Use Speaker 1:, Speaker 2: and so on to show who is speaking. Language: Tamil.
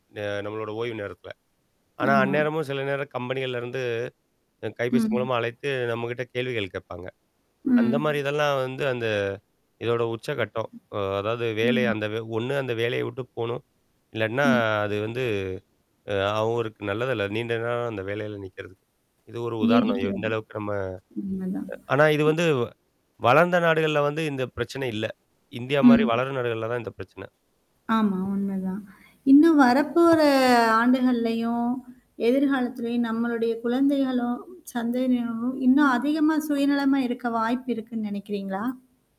Speaker 1: அ நம்மளோடய ஓய்வு நேரத்தில, ஆனா
Speaker 2: ஆமா.
Speaker 1: அந்நேரமும் சில நேரம் கம்பெனிகள்லேருந்து கைபேசி
Speaker 2: ம்.
Speaker 1: மூலமா அழைத்து நம்மகிட்ட கேள்விகள் கேட்பாங்க. அந்த மாதிரி
Speaker 2: ம்.
Speaker 1: இதெல்லாம் வந்து அந்த இதோட உச்சகட்டம், அ அதாவது வேலை
Speaker 2: ஆமா.
Speaker 1: அந்த வே ஒண்ணு. அந்த வேலையை விட்டு போணும் இல்லன்னா
Speaker 2: ம்.
Speaker 1: அது வந்து அ அவருக்கு நல்லதல்ல. நீண்ட நாள் அந்த வேலையில நிற்கிறதுக்கு இது ஒரு
Speaker 2: ம்.
Speaker 1: உதாரணம். எந்த
Speaker 2: நீடிக்கிறது.
Speaker 1: அளவுக்கு நம்ம
Speaker 2: உண்மதான்.
Speaker 1: ஆனா, இது
Speaker 2: ம்.
Speaker 1: வந்து வளர்ந்த நாடுகள்ல வந்து இந்த பிரச்சனை இல்ல. இந்தியா மாதிரி
Speaker 2: ம்.
Speaker 1: வளரும் நாடுகள்ல தான் இந்த பிரச்சன.
Speaker 2: ஆமா. உண்மதான். இன்னும் வரப்போற ஆண்டுகள்லயும் எதிர்காலத்திலையும் நம்மளுடைய குழந்தைகளும் சந்ததினரும் இன்னும் அதிகமா சுயநலமா இருக்க வாய்ப்பு இருக்குனு நினைக்கிறீங்களா?